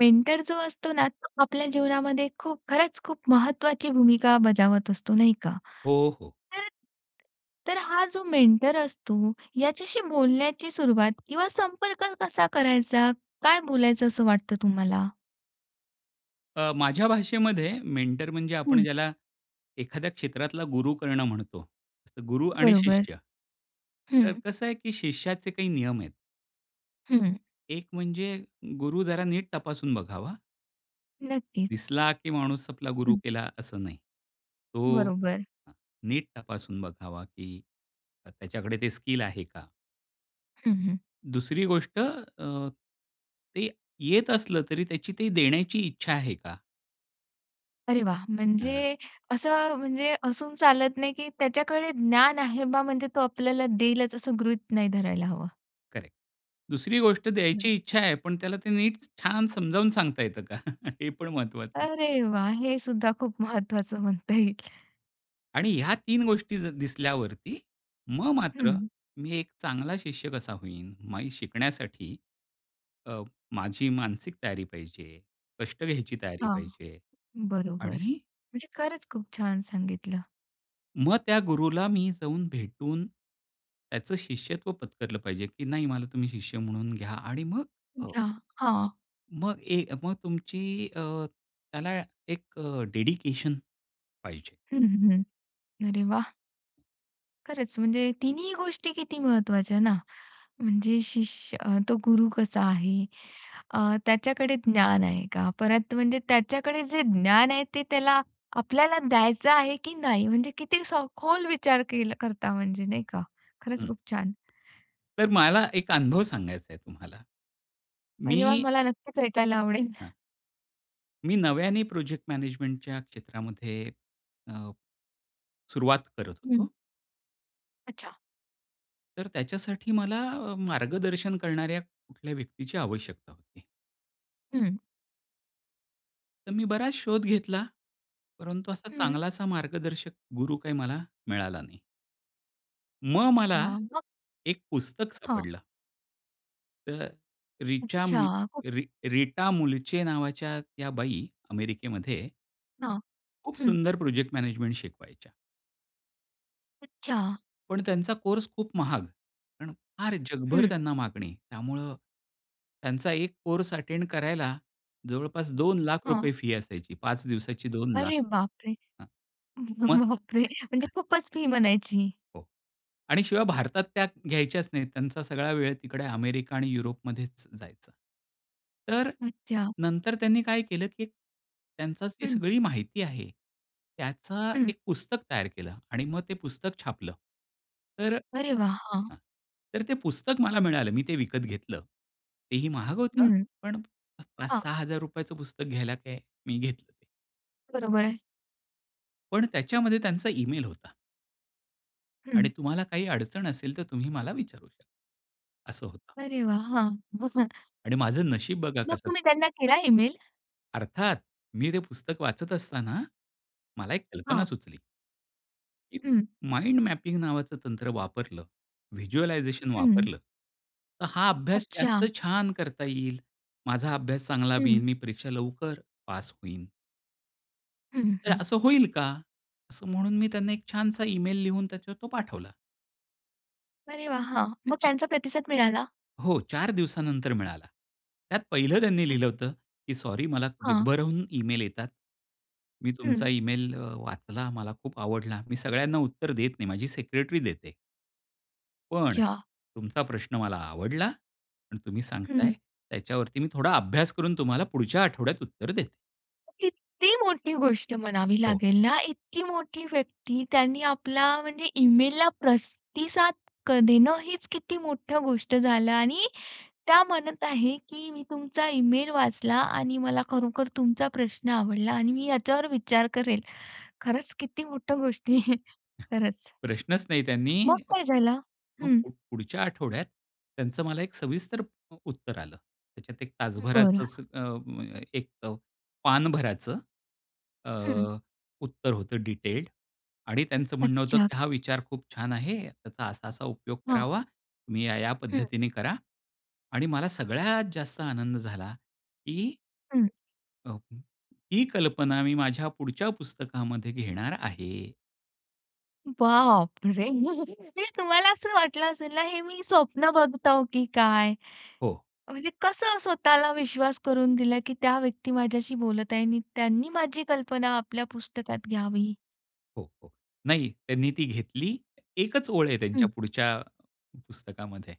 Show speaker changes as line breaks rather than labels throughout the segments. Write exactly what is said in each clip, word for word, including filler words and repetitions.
Mentor जो असतो ना तो आपल्या जीवनामध्ये खूप खरंच खूप महत्वाची भूमिका बजावत असतो. नाही का?
हो, हो.
तर, तर हा जो मेंटर असतो याच्याशी बोलण्याची सुरुवात किंवा संपर्क कसा करायचा, काय बोलायचं असं वाटतं तुम्हाला?
अ, माझ्या भाषेमध्ये मेंटर म्हणजे आपण
हं.
ज्याला एखाद्या क्षेत्रातला गुरु करणं म्हणतो. गुरु आणि
बरोबर.
शिष्य. तर
हं.
कसं आहे, की शिष्याचे काही नियम आहेत.
हं.
एक म्हणजे गुरु जरा नीट तपासून बघावा.
नक्कीच.
दिसला, की माणूस आपला गुरु
हं.
केला असं नाही. तो
बरोबर.
नीट तपासून बघावा, की त्याच्याकडे ते स्किल आहे का?
हं, हं.
दुसरी गोष्ट अ, ते येत असलं तरी त्याची ती देण्याची इच्छा आहे का?
अरे वाह!
हं.
म्हणजे असं म्हणजे असून चालत नाही, की त्याच्याकडे ज्ञान आहे बा म्हणजे तो आपल्याला देईलच असं गृहीत नाही धरायला हवं.
करेक्ट. दुसरी गोष्ट द्यायची इच्छा आहे, पण त्याला ते नीट छान समजावून सांगता येतं का? हे पण महत्वाचं आहे.
अरे वाह! हे सुद्धा खूप महत्वाचं म्हणता येईल.
आणि ह्या तीन गोष्टी ज दिसल्यावरती मग मात्र
हं.
मी एक चांगला शिष्य कसा होईन? माई शिकण्यासाठी अ, माझी मानसिक तयारी पाहिजे, कष्ट घ्यायची तयारी
हां.
पाहिजे.
बरोबर.
आणि
म्हणजे खरंच खूप छान सांगितलं.
मग त्या गुरूला मी जाऊन भेटून, त्याचं शिष्यत्व पत्करलं पाहिजे, की नाही मला तुम्ही शिष्य म्हणून घ्या आणि मग अ
घ्या, हां.
मग ए मग तुमची अ, त्याला एक अ, डेडिकेशन पाहिजे.
हं, हं. अरे वाह! खरंच म्हणजे तिन्ही गोष्टी किती महत्वाच्या ना. म्हणजे शिष्य तो गुरु कसा आहे? अ, त्याच्याकडे ज्ञान आहे का? परत म्हणजे त्याच्याकडे जे ज्ञान आहे ते त्याला आपल्याला द्यायचं आहे की नाही? म्हणजे किती सखोल विचार केलं करता म्हणजे नाही का?
हं. तर मला एक अनुभव सांगायच आहे तुम्हाला.
अरे वाह!
मी
मला नक्कीच ऐकायला आवडेल.
हां. मी नव्याने प्रोजेक्ट मॅनेजमेंटच्या क्षेत्रामध्ये अ, सुरुवात करत
हं.
होतो.
अच्छा.
तर त्याच्यासाठी मला अ, मार्गदर्शन करणाऱ्या कुठल्या व्यक्तीची आवश्यकता होती.
हं.
तर मी बराच शोध घेतला. परंतु असा
हं.
चांगला असा मार्गदर्शक गुरू काही मला मिळाला नाही. मग मला
छान. मग?
एक पुस्तक
हां.
सापडलं. तर रिचा मु
अच्छा. [unintelligible]
री रीटा मुलचे नावाच्या त्या बाई अमेरिकेमध्ये
हां,
खूप
हं.
सुंदर प्रोजेक्ट मॅनेजमेंट शिकवायच्या.
अच्छा.
पण त्यांचा कोर्स खूप महाग. कारण फार जगभर
हं.
त्यांना मागणी त्यामुळं, त्यांचा एक कोर्स अटेंड करायला जवळपास दोन लाख रुपये
हां.
फी असायची, पाच दिवसाची. दोन लाख
अरे बाप रे!
हां,
ब
मग
ब बापरे! म्हणजे
हां.
खूपच फी म्हणायची?
हो आणि शिवाय भारतात त्या घ्यायच्याच नाहीत. त्यांचा सगळा वेळ तिकडे अमेरिका आणि युरोपमध्येच जायचा. तर
हं, अच्छा.
नंतर त्यांनी काय केलं, की त्यांची जी
हं.
सगळी माहिती आहे. त्याचं
हं.
एक पुस्तक तयार केलं आणि मग ते पुस्तक छापलं. तर हं.
अरे वाह! हां
तर ते पुस्तक मला मिळालं. मी ते विकत घेतलं. तेही महाग होतं.
हं.
पण पाच
हां.
सहा हजार रुपयचं पुस्तक घ्यायला काय? मी घेतलं ते.
बरोबर आहे.
पण त्याच्यामध्ये त्यांचा इमेल होता. आणि
हं.
तुम्हाला काही अडचण असेल, तर तुम्ही मला विचारू शकता. असं होतं.
अरे वाह! हां. [unintelligible]
आणि माझं नशीब बघा
मग
कसं?
तुम्ही त्यांना केला इमेल?
अर्थात, मी ते पुस्तक वाचत असताना, मला एक कल्पना
हां.
सुचली. की
हं.
माइंड मॅपिंग नावाचं तंत्र वापरलं, व्हिज्युअलायझेशन
हं.
वापरलं, तर हा अभ्यास
अच्छा!
जास्त छान करता येईल. माझा अभ्यास चांगला बीईन
हं.
मी परीक्षा लवकर पास होईन.
हं,
तर
हं.
असं होईल का? असं म्हणून मी त्यांना एक छानसा ईमेल लिहून त्याच्यावर तो पाठवला.
अरे वाह! हां, मग
त्याच्या
त्यांचा प्रतिसाद मिळाला?
हो, चार दिवसानंतर मिळाला. त्यात पहिलं त्यांनी
अ
लिहिलं होतं, की "सॉरी मला
हां.
जगभराहून इमेल येतात, मी
हं.
तुमचा इमेल अ, वाचला, मला खूप आवडला, मी सगळ्यांना उत्तर देत नाही, माझी सेक्रेटरी देते." पण
अच्छा!
तुमचा प्रश्न मला आवडला आणि तुम्ही सांगताय,
हं.
त्याच्यावरती मी थोडा अभ्यास करून तुम्हाला पुढच्या आठवड्यात उत्तर देते.
किती मोठी गोष्ट म्हणावी
हो.
लागेल ना, इतकी मोठी व्यक्ती त्यांनी आपला म्हणजे ईमेलला प्रस्तिसाद क देणं हीच किती मोठं गोष्ट झालं आणि त्या म्हणत आहे, की "मी तुमचा ईमेल वाचला आणि मला खरोखर तुमचा प्रश्न आवडला आणि मी याच्यावर विचार करेल." खरंच किती मोठ गोष्टी आहे खरंच.
प्रश्नच नाही
मग
त्यांनी
काय झालं?
मग
हं.
प पुढच्या आठवड्यात त्यांचं मला एक सविस्तर प उत्तर आलं. त्याच्यात एक
हं, बरं.
तासभराचं असं अ, म [unintelligible] एक पान भराचं अ,
हं.
उत्तर होतं डिटेल्ड आणि त्यांचं म्हणणं होतं,
अच्छा.
की "हा विचार खूप छान आहे. त्याचा असा-असा उपयोग
हां.
करावा, तुम्ही या-या
हं.
पद्धतीने करा" आणि मला सगळ्यात जास्त आनंद झाला की
हं.
अ, हं. ही कल्पना मी माझ्या पुढच्या पुस्तकामध्ये घेणार आहे.
बाप रे! ते तुम्हाला असं वाटलं असेल ना, हे मी स्वप्न बघतो, की काय?
हो.
म्हणजे कसं स्वतःला विश्वास करून दिला, की त्या व्यक्ती माझ्याशी बोलत आहे आणि त्यांनी माझी कल्पना आपल्या पुस्तकात घ्यावी.
हो, हो. नाही त्यांनी ती घेतली. एकच ओळ आहे त्यांच्या
हं.
पुढच्या पुस्तकामध्ये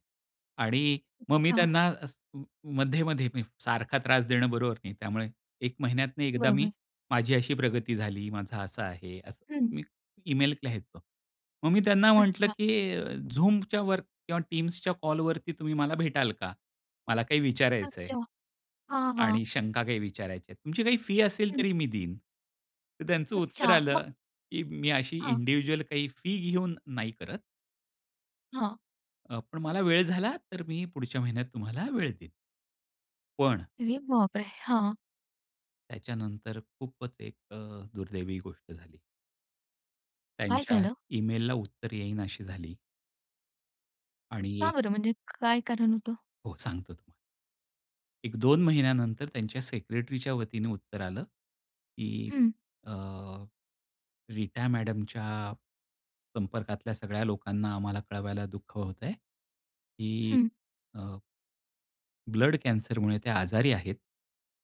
आणि मग मी
अच्छा.
त्यांना अ, मध्ये-मध्ये मी सारखा त्रास देणं बरोबर नाही त्यामुळे एक महिन्यातनं एकदा मी,
बरोबर.
माझी अशी प्रगती झाली माझा असा आहे असं
हं.
मी ईमेल लिहायचो. मग मी त्यांना म्हंटलं,
अच्छा.
की अ, Zoomच्या वर किंवा Teamsच्या कॉलवरती तुम्ही मला भेटाल का? मला काही विचारायचं आहे.
अच्छा. हां, हां.
आणि शंका काही विचारायची आहे. तुमची काही फी असेल
हं.
तरी मी देईन, तर त्यांचं उत्तर
अच्छा. मग?
आलं, की मी अशी
हां.
इंडिव्हिज्युअल काही फी घेऊन नाही करत.
हां.
अ, पण मला वेळ झाला, तर मी पुढच्या महिन्यात तुम्हाला वेळ देईन. पण
अरे बापरे! हां.
त्याच्यानंतर खूपच एक अ, दुर्दैवी गोष्ट झाली.
काय
त्यांच्या
झालं?
ईमेलला उत्तर येईननाशी झाली. आणि
का
एक,
बरं, म्हणजे काय कारण होतं?
हो, सांगतो तुम्हाला. एक दोन महिन्यानंतर त्यांच्या सेक्रेटरीच्या वतीने उत्तर आलं, की
हं.
अ, रीता मॅडमच्या संपर्कातल्या सगळ्या लोकांना आम्हाला कळवायला दुःख होतंय, की
हं.
अ ब्लड कॅन्सरमुळे त्या आजारी आहेत,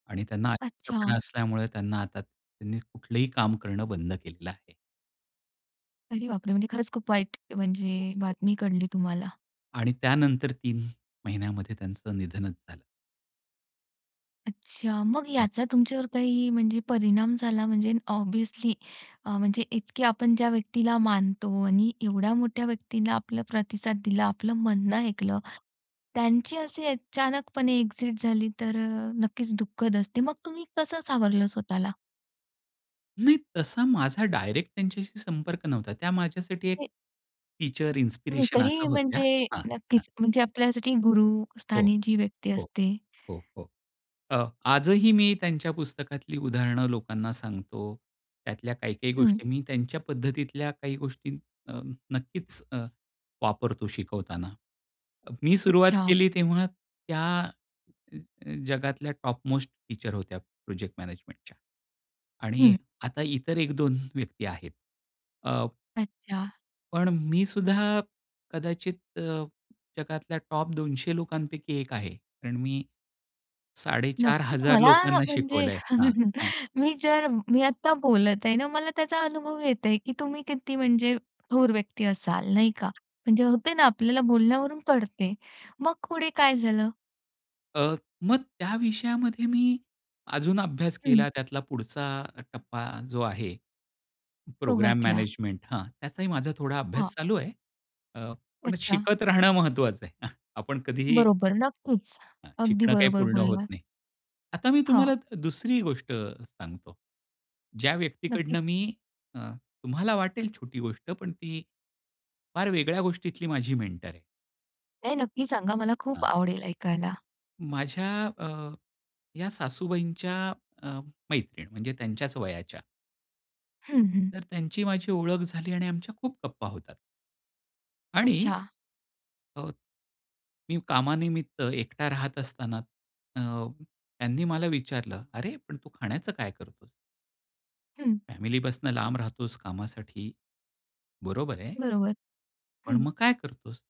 आणि त्यांना अशक्तपणा
अच्छा!
असल्यामुळे त्यांना आता, त्यांनी कुठलंही काम करणं बंद केलेलं आहे.
अरे बापरे! म्हणजे खरंच खूप वाईट, म्हणजे बातमी कळली तुम्हाला.
आणि त्यानंतर तीन महिन्यामध्ये त्यांचं निधनच झालं.
अच्छा. मग
हां.
याचा तुमच्यावर काही, म्हणजे परिणाम झाला, म्हणजे ऑब्व्हियसली, अ, म्हणजे इतके आपण ज्या व्यक्तीला मानतो, आणि एवढ्या मोठ्या व्यक्तीला आपला प्रतिसाद दिला, आपलं म्हणणं ऐकलं. त्यांची अशी अचानकपणे एक्सिट झाली तर अ, नक्कीच दुःखद असते. मग तुम्ही कसं सावरलं स्वतःला?
नाही तसा माझा डायरेक्ट त्यांच्याशी संपर्क नव्हता. त्या माझ्यासाठी एक
[unintelligible]
टीचर
नाही
इन्स्पिरेशन
तरी
असं होत्या.
म्हणजे
हां, हां.
नक्कीच म्हणजे आपल्यासाठी
हो,
गुरुस्थानी जी व्यक्ती
हो,
असते.
हो, हो. अ, आजही मी त्यांच्या पुस्तकातली उदाहरणं लोकांना सांगतो. त्यातल्या काही-काही
हं.
गोष्टी मी त्यांच्या पद्धतीतल्या काही गोष्टी अ, नक्कीच अ, वापरतो शिकवताना. मी सुरुवात
अच्छा!
केली तेव्हा त्या अ, अ, जगातल्या टॉप मोस्ट टीचर होत्या प्रोजेक्ट मॅनेजमेंटच्या. आणि
हं.
आता इतर एक दोन व्यक्ती आहेत. अ
अच्छा!
पण मी सुद्धा कदाचित अ, जगातल्या टॉप दोनशे लोकांपैकी एक आहे. कारण मी, साडेचार
नक्कीच
हजार
मला
लोकांना
म्हणजे
शिकवलंय. हां, हां.
मी जर, मी आता बोलत आहे ना मला त्याचा अनुभव येतंय, की तुम्ही किती म्हणजे थोर व्यक्ती असाल, नाही का? म्हणजे होते ना आपल्याला बोलण्यावरून कळते. मग पुढे काय झालं?
अ, मग त्या विषयामध्ये मी अजून अभ्यास
हं.
केला त्यातला पुढचा टप्पा जो आहे,
तो
प्रोग्रॅम
गाठला.
मॅनेजमेंट हां, त्याचाही माझा थोडा अभ्यास
हां.
चालू आहे. अ, पण
अच्छा!
शिकत राहणं महत्त्वाचं आहे. आपण कधीही
बरोबर, नक्कीच.
हां,
अगदी
शिकणं काही
बरोबर
पूर्ण होत
बोललात.
नाही. आता मी तुम्हाला
हां.
दुसरी गोष्ट सांगतो. ज्या व्यक्तीकडनं
नक्कीच.
मी अ, तुम्हाला वाटेल छोटी गोष्ट पण ती, फार वेगळ्या गोष्टीतली माझी मेंटर आहे.
नाही, नक्की सांगा मला खूप
हां.
आवडेल ऐकायला.
माझ्या अ, या सासूबाईंच्या अ, मैत्रीण. म्हणजे त्यांच्याच वयाच्या.
हं, हं.
तर त्यांची माझी ओळख झाली आणि आमच्या खूप गप्पा होतात. आणि
अच्छा.
अ, मी कामानिमित्त एकटा राहत असताना अ, त्यांनी मला विचारलं, "अरे पण तू खाण्याचं काय करतोस?"
हं.
फॅमिलीपासून लांब राहतोस कामासाठी. बरोबर आहे.
बरोबर,
पण
हं.
मग काय करतोस?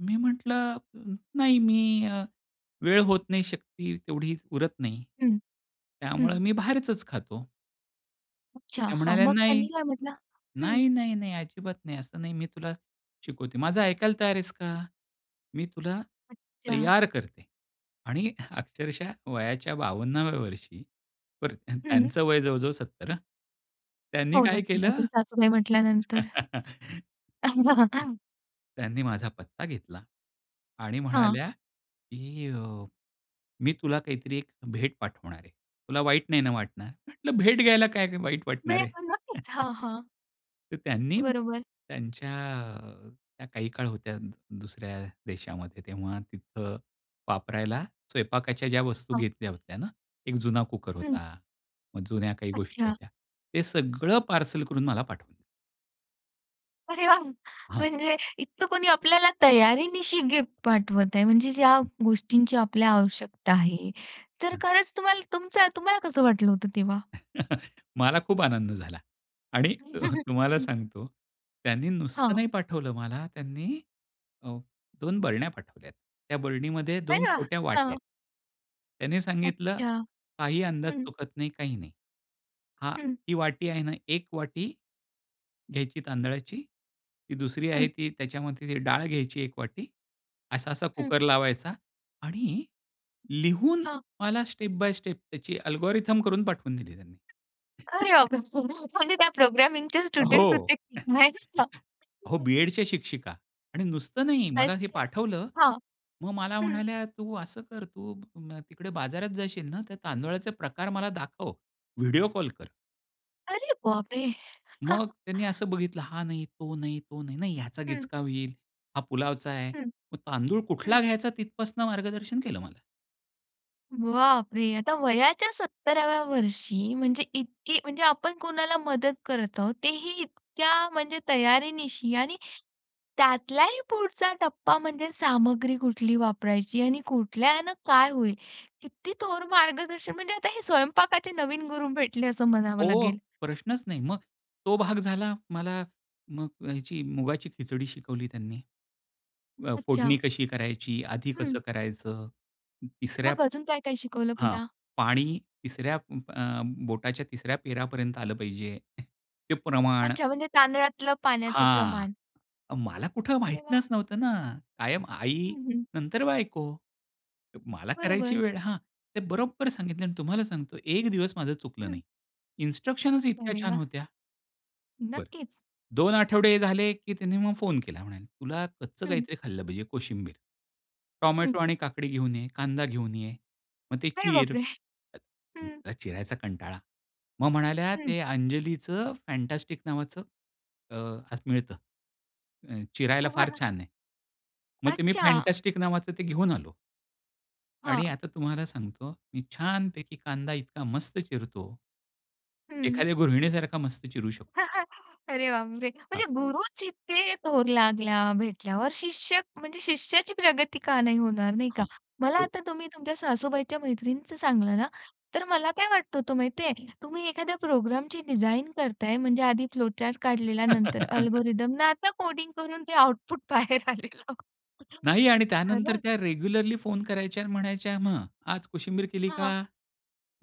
मी म्हंटलं, "नाही, मी अ, वेळ होत नाही, शक्ती तेवढी उरत नाही,
हं.
त्यामुळे
हं.
मी बाहेरचच खातो." तर
अच्छा.
त्या
हां,
म्हणाल्या,
मग
"नाही,
त्यांनी काय म्हटलं? हं.
नाही, नाही, नाही, अजिबात नाही, असं नाही मी तुला शिकवते; माझं ऐकायला तयार आहेस का? मी तुला
अच्छा.
तयार करते." आणि अक्षरशः वयाच्या बावन्ना व्या वर्षी. बरं
हं.
त्यांचं वय जवळ-जवळ सत्तर हां. त्यांनी
हो,
काय
नक्कीच
केलं?
असेल. सासूबाई म्हटल्यानंतर.
[unintelligible] त्यांनी माझा पत्ता घेतला. आणि
हां.
म्हणाल्या, की अ, "मी तुला काहीतरी एक भेट पाठवणार आहे, तुला वाईट नाही ना वाटणार." म्हंटलं, "भेट घ्यायला काय वाईट वाटणार आहे."
[unintelligible] नक्कीच. हां, हां.
तर त्यांनी
बरोबर.
त्यांच्या अ, त्या काही काळ होत्या दुसऱ्या देशामध्ये, तेव्हा तिथं वापरायला स्वयंपाकाच्या ज्या वस्तू
हां.
घेतल्या होत्या ना. एक जुना कुकर
हं.
होता. मग जुन्या काही गोष्टी
अच्छा.
होत्या. ते सगळं पार्सल करून मला पाठवलं.
अरे, वाह!
हां.
म्हणजे इतकं कोणी आपल्याला तयारीनिशी गिफ्ट पाठवत आहे. म्हणजे ज्या
हं.
गोष्टींची आपल्याला आवश्यकता आहे. तर
हं.
खरंच तुम्हाला तुमचा तुम्हाला कसं वाटलं होतं तेव्हा?
मला खूप आनंद झाला आणि अ, हं, तुम्हाला
हं.
सांगतो त्यांनी नुसतं
हां.
नाही पाठवलं मला. त्यांनी अ, दोन बरण्या पाठवल्यात. त्या बरणीमध्ये दोन
अरे, वाह!
छोट्या वाट्या आहेत.
हां.
त्यांनी सांगितलं,
अच्छा!
"काही अंदाज
हं.
चुकत नाही, काही नाही. हां,
हं.
ती वाटी आहे ना, एक वाटी घ्यायची तांदळाची. ती दुसरी
हं.
आहे, ती त्याच्यामध्ये डाळ घ्यायची एक वाटी. असा-असा
हं.
कुकर लावायचा" आणि लिहून
हां.
मला स्टेप बाय स्टेप त्याची अल्गोरिदम करून पाठवून दिली त्यांनी.
अरे, बापरे! [unintelligible] म्हणजे त्या प्रोग्रामिंगचे
हो.
स्टुडंट्स होते की काय, त्या?
हो, बी-एडच्या शिक्षिका आणि नुसतं नाही मला हे
अच्छा!
पाठवलं.
हां,
मग मला
हं.
म्हणाल्या, "तू असं कर, तू न तिकडे बाजारात जाशील ना, त्या तांदुळाचे प्रकार मला दाखव. व्हिडिओ कॉल कर."
अरे बापरे! हां.
मग त्यांनी असं बघितलं, हा नाही तो नाही, तो नाही. नाही ह्याचा
हं.
गिचका होईल. हा पुलावचा आहे.
हं,
मग तांदूळ कुठला
हं.
घ्यायचा तिथपासून मार्गदर्शन केलं मला.
बापरे! आता वयाच्या सत्तरा व्या वर्षी म्हणजे इतकी म्हणजे आपण कोणाला मदत करत आहोत. तेही इतक्या म्हणजे तयारीनिशी आणि त्यातलाही पुढचा टप्पा म्हणजे सामग्री कुठली वापरायची आणि कुठल्यानं काय होईल? किती थोर मार्गदर्शन म्हणजे आता हे स्वयंपाकाचे नवीन गुरु भेटले असं म्हणावं
हो.
लागेल.
प्रश्नच नाही. मग तो भाग झाला. मला मग अ, ह्याची मुगाची खिचडी शिकवली त्यांनी अ,
अच्छा!
फोडणी कशी करायची? आधी
हं.
कसं करायचं? तिसऱ्या
मग अजून काय, काय शिकवलं
हां.
पुन्हा?
पाणी तिसऱ्या अ, बोटाच्या तिसऱ्या पेरापर्यंत आलं पाहिजे. ते प्रमाण.
अच्छा. म्हणजे तांदळातलं पाण्याचं
हां.
प्रमाण.
मला कुठं
अरे
माहीतनच
वाह!
नव्हतं ना कायम आई
हं, हं.
नंतर बायको. मला करायची
बरोबर.
वेळ हां. ते बरोबर सांगितलं आणि तुम्हाला सांगतो एक दिवस माझं चुकलं
हं.
नाही. इन्स्ट्रक्शनच इतक्या
अरे
छान
वाह!
होत्या. बरं.
नक्कीच.
दोन आठवडे झाले की त्यांनी मग फोन केला म्हणाले, "तुला कच्चं
हं.
काहीतरी खाल्लं पाहिजे कोशिंबीर.
हं.
टोमॅटो आणि काकडी घेऊन ये, कांदा घेऊन ये. मग ते
अरे
चीर."
बापरे! हं.
मला चिरायचा कंटाळा. मग म्हणाल्या,
हं.
"ते अंजलीचं फॅन्टॅस्टिक नावाचं अ, खास मिळतं. अ, चिरायला फार छान आहे." मग ते मी
अच्छा!
फॅन्टॅस्टिक नावाचं ते घेऊन आलो. आणि
हां.
आता तुम्हाला सांगतो, मी छानपैकी कांदा इतका मस्त चिरतो
हं.
एखाद्या गृहिणीसारखा मस्त चिरू शकतो.
अरे बापरे! म्हणजे
हां.
गुरूच इतके थोर लागल्या भेटल्यावर शिष्य म्हणजे शिष्याची प्रगती का नाही होणार, नाही का.
हां.
मला
हो.
आता तुम्ही तुमच्या सासूबाईच्या मैत्रिणीचं सांगलं ना तर मला काय वाटत होतं माहितीये तुम्ही एखाद्या प्रोग्रामची डिझाइन करताय म्हणजे आधी फ्लो चार्ट काढलेला नंतर अल्गोरिथम अन् आता कोडिंग करून ते आउटपुट बाहेर आलेलं.
नाही आणि त्यानंतर
खरंच.
त्या रेग्युलरली फोन करायच्या आणि म्हणायच्या मग आज कोशिंबीर केली
हां.
का?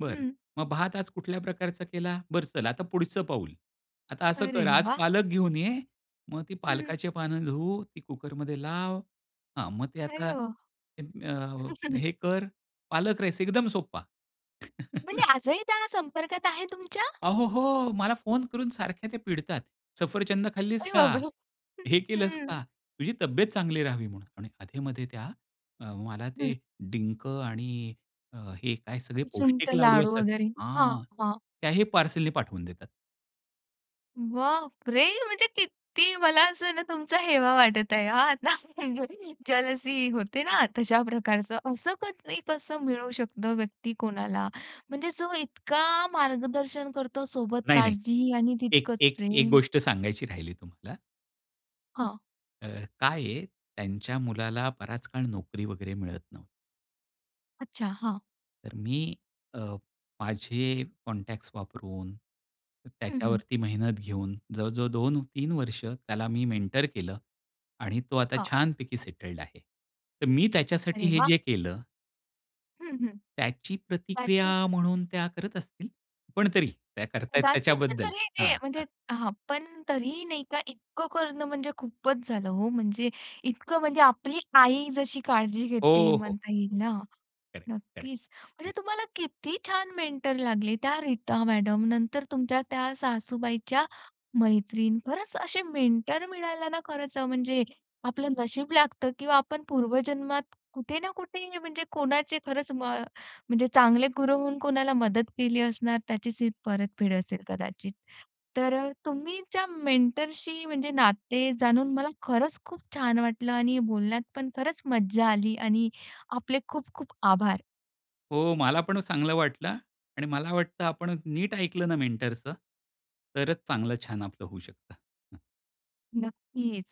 बरं
हं.
मग भात आज कुठल्या प्रकारचा केला? बरं चल आता पुढचं पाऊल. आता असं
अरे
कर आज
वाह!
पालक घेऊन ये. मग ती
हं.
पालकाची पानं धुव, ती कुकरमध्ये लाव. हां, मग ते
अरे
आता
वाह!
[unintelligible] अ, हे कर पालक-राईस, एकदम सोप्पा.
म्हणजे आजही त्या संपर्कात आहे तुमच्या?
अहो हो. मला फोन करून सारख्या त्या पिडतात. सफरचंदं खाल्लीस
अरे
का?
बाप रे! हं,
हे केलंस
हं.
का? तुझी तब्येत चांगली राहावी म्हणून. आणि अधे-मध्ये त्या मला
हं.
ते डिंक आणि हे काय सगळे
सुंठ
पौष्टिक लाडू
लाडू
असतात.
वगैरे. हां,
हां,
हां.
त्याही पार्सलनी पाठवून देतात.
बापरे! म्हणजे किती मला असं ना तुमचा हेवा वाटत आहे हा आता. जेलसी होते ना, तशा प्रकारचं. असं कधी कसं मिळू शकतं व्यक्ती कोणाला. म्हणजे जो इतका मार्गदर्शन करतो. सोबत
नाही, नाही.
काळजीही आणि
एक
तितकंच
एक एक
प्रेम.
गोष्ट सांगायची राहिली तुम्हाला.
हां.
अ, काय आहे, त्यांच्या मुलाला बराच काळ नोकरी वगैरे मिळत नव्हती.
अच्छा. हां.
तर मी अ, माझे कॉन्टॅक्ट्स वापरून,
हं, हं.
त्याच्यावरती मेहनत घेऊन, जवळजवळ दोन-तीन वर्ष त्याला मी मेंटर केलं आणि तो आता
हां.
छानपैकी सेटल्ड आहे. तर मी त्याच्यासाठी
अरे
हे
वाह!
जे केलं
हं, हं.
त्याची प्रतिक्रिया
त्याची
म्हणून त्या करत असतील, पण तरी त्या करताय
उदाचित
त्याच्याबद्दल
तरी ते,
हां, हां.
म्हणजे हां. पण तरीही नाही का इतकं करणं म्हणजे खूपच झालं हो. म्हणजे इतकं म्हणजे आपली आई जशी काळजी घेते
हो, हो.
म्हणता येईल ना?
Correct, correct.
नक्कीच. म्हणजे
हं.
तुम्हाला किती छान मेंटर लागले त्या रीता मॅडम, नंतर तुमच्या त्या सासूबाईच्या मैत्रीण. खरंच, असे मेंटर मिळायला ना खरंच म्हणजे, जे आपलं नशीब लागतं किंवा आपण पूर्वजन्मात कुठे ना कुठे म्हणजे कोणाचे खरंच म म्हणजे चांगले गुरु होऊन कोणाला मदत केली असणार त्याचीच ही परतफेड असेल कदाचित. तर तुमचे मेंटरशी म्हणजे नाते जाणून मला खरंच खूप छान वाटलं आणि बोलण्यात पण खरंच मज्जा आली आणि आपले खूप खूप आभार.
हो, मला पण चांगलं वाटलं आणि मला वाटतं आपण नीट ऐकलं ना मेंटरचं तरच चांगलं छान आपलं होऊ शकतं. हं.
नक्कीच.